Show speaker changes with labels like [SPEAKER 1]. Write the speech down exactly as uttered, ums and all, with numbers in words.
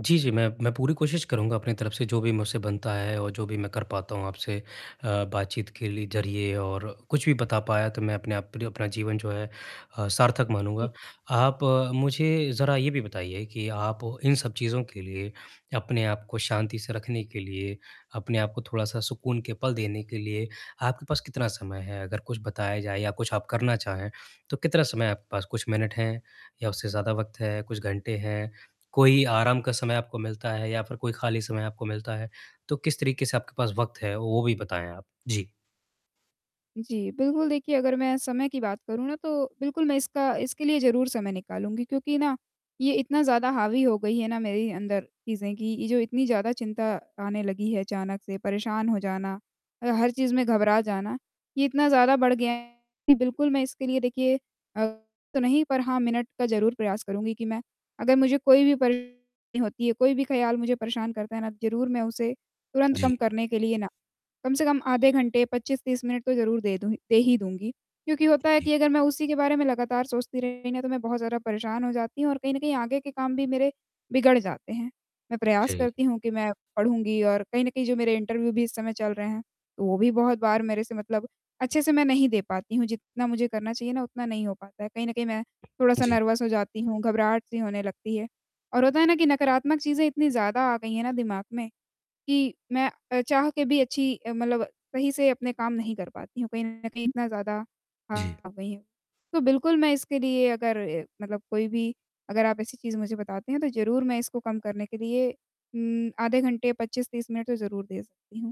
[SPEAKER 1] जी, जी, मैं मैं पूरी कोशिश करूँगा अपनी तरफ़ से जो भी मुझसे बनता है और जो भी मैं कर पाता हूँ आपसे अ, बातचीत के लि ज़रिए और कुछ भी बता पाया तो मैं अपने आप पर अपना जीवन जो है अ, सार्थक
[SPEAKER 2] जी।
[SPEAKER 1] मानूँगा। आप मुझे ज़रा ये भी बताइए कि आप इन सब चीज़ों के लिए अपने आप को शांति से रखने के लिए अपने आप को थोड़ा-सा सुकून के पल देने के लिए, आपके पास कितना समय है? अगर कुछ बताया जाए या कुछ आप करना चाहें तो कितना समय आपके पास कुछ मिनट हैं या उससे ज़्यादा वक़्त है, कुछ घंटे हैं? कोई आराम का समय आपको मिलता है या फ़िर कोई खाली समय आपको मिलता है? तो किस तरीक़े से आपके पास वक़्त है वो भी बताएँ आप? जी।
[SPEAKER 2] जी बिल्कुल देखिए अगर मैं समय की बात करूँ ना तो बिल्कुल मैं इसका इसके लिए ज़रूर समय निकालूँगी क्योंकि ना, ये इतना ज़्यादा हावी हो गई है ना मेरी अंदर चीज़ें कि ये जो इतनी ज़्यादा चिंता आने लगी है अचानक से परेशान हो जाना, अ हर चीज़ में घबरा जाना, ये इतना ज़्यादा बढ़ गया है कि बिल्कुल मैं इसके लिए देखिए [unintelligible] तो नहीं पर हाँ मिनट का ज़रूर प्रयास करूँगी कि मैं अगर मुझे कोई भी परेशानी होती है, कोई भी ख़्याल मुझे परेशान करता है ना, ज़रूर मैं उसे तुरंत
[SPEAKER 1] जी।
[SPEAKER 2] कम करने के लिए ना कम से कम आधे घंटे पच्चीस तीस मिनट तो ज़रूर दे दूँगी दे ही दूँगी। क्योंकि
[SPEAKER 1] उ,
[SPEAKER 2] होता है
[SPEAKER 1] जी।
[SPEAKER 2] कि अगर मैं उसी के बारे में लगातार सोचती रही ना तो मैं बहुत ज़्यादा परेशान हो जाती हूँ और कहीं न कहीं आगे के काम भी मेरे बिगड़ जाते हैं। मैं प्रयास
[SPEAKER 1] जी।
[SPEAKER 2] करती हूँ कि मैं पढ़ूँगी और कहीं न कहीं जो मेरे इंटरव्यू भी इस समय चल रहे हैं तो वो भी बहुत बार मेरे से मतलब अच्छे से मैं नहीं दे पाती हूँ, जितना मुझे करना चाहिए ना उतना नहीं हो पाता है। कहीं न कहीं मैं
[SPEAKER 1] हाँ
[SPEAKER 2] थोड़ा-सा
[SPEAKER 1] जी।
[SPEAKER 2] नर्वस हो जाती हूँ, घबराहट सी होने लगती है और होता है ना कि नकारात्मक चीज़ें इतनी ज़्यादा आ गई हैं ना दिमाग में कि मैं अ, चाह के भी अच्छी अ, मतलब सही से अपने काम नहीं कर पाती हूँ। कहीं न कहीं इतना ज़्यादा आ
[SPEAKER 1] जी।
[SPEAKER 2] गई हैं तो बिल्कुल मैं इसके लिए अगर ए मतलब कोई भी अगर आप ऐसी चीज़ मुझे बताते हैं तो ज़रूर मैं इसको कम करने के लिए उम, आधे घंटे, पच्चीस तीस मिनट तो ज़रूर दे सकती हूँ।